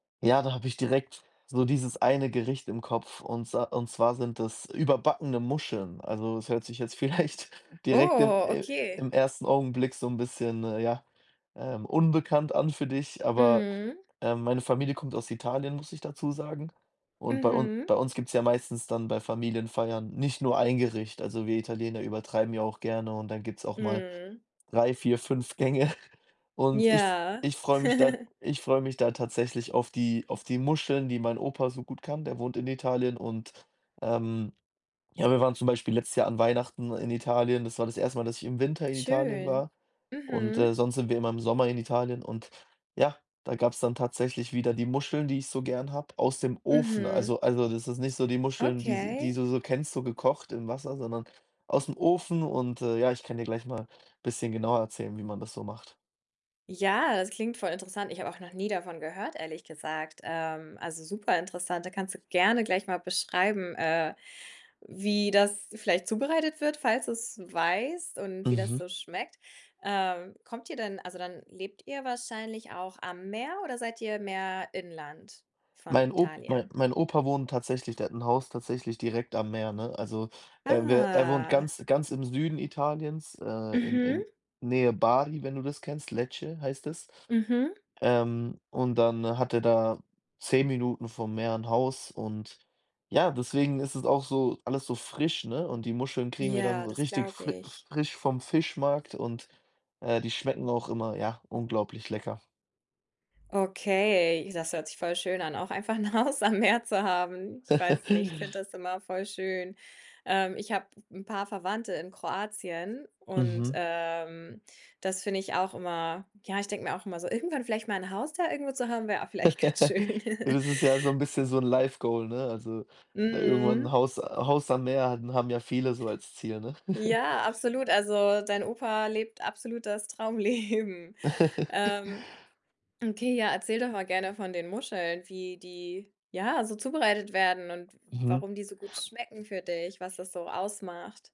Ja, da habe ich direkt so dieses eine Gericht im Kopf und sa und zwar sind das überbackene Muscheln. Also, das hört sich jetzt vielleicht direkt im Oh, i okay. im 1. Augenblick so 'n bisschen, äh, ja, ähm, unbekannt an für dich, aber, Mhm. ähm, meine Familie kommt aus Italien, muss ich dazu sagen. Und bei un Mhm. bei uns gibt's ja meistens dann bei Familienfeiern nicht nur 1 Gericht. Also, wir Italiener übertreiben ja auch gerne und dann gibt's auch mal Mhm. 3, 4, 5 Gänge. Und ich f Ja. ich freue mich da ich freue mich da tatsächlich auf die auf die Muscheln, die mein Opa so gut kann. Der wohnt in Italien und, ähm, ja, wir waren zum Beispiel letztes Jahr an Weihnachten in Italien. Das war das 1. Mal, dass ich im Winter in Italien Schön. war. Und, Mhm. äh, sonst sind wir immer im Sommer in Italien und ja, da gab's dann tatsächlich wieder die Muscheln, die ich so gern habe, aus dem Ofen. Mhm. Also also, das ist nicht so die Muscheln, die s die Okay. du so kennst, so gekocht im Wasser, sondern aus'm Ofen. Und, äh, ja, ich kann dir gleich mal bisschen genauer erzählen, wie man das so macht. Ja, das klingt voll interessant. Ich habe auch noch nie davon gehört, ehrlich gesagt, ähm, also, superinteressant. Da kannst du gerne gleich mal beschreiben, äh, wie das vielleicht zubereitet wird, falls du's weißt und wie das Mhm. so schmeckt. Ähm, kommt ihr denn also, dann lebt ihr wahrscheinlich auch am Meer oder seid ihr mehr Inland von Mein Op mein Italien? mein Opa wohnt tatsächlich der hat 'n Haus tatsächlich direkt am Meer, ne? Also, er wä er wohnt Ah. ganz ganz im Süden Italiens, äh, in in Mhm. Nähe Bari, wenn du das kennst, Lecce heißt es. Mhm. Ähm, und dann hat er da 10 Minuten vom Meer 'n Haus und, ja, deswegen ist es auch so alles so frisch, ne? Und die Muscheln kriegen wir dann Ja, so das richtig glaube fri ich. frisch vom Fischmarkt und, äh, die schmecken auch immer, ja, unglaublich lecker. Okay, das hört sich voll schön an, auch einfach 'n Haus am Meer zu haben. Ich weiß nicht, ich finde das immer voll schön. Ähm, ich habe 'n paar Verwandte in Kroatien und, Mhm. ähm, das finde ich auch immer ja, ich denke mir auch immer so: irgendwann vielleicht mal 'n Haus da irgendwo zu haben, wäre auch vielleicht ganz schön. Das ist ja so 'n bisschen so 'n Life Goal, ne? Also, da irgendwann 'n Mhm. Haus, äh Haus am Meer hat haben ja viele so als Ziel, ne? Ja, absolut. Also, dein Opa lebt absolut das Traumleben. Ähm, okay, ja, erzähl doch mal gerne von den Muscheln, wie die, ja, so zubereitet werden und w Mhm. warum die so gut schmecken für dich, was das so ausmacht.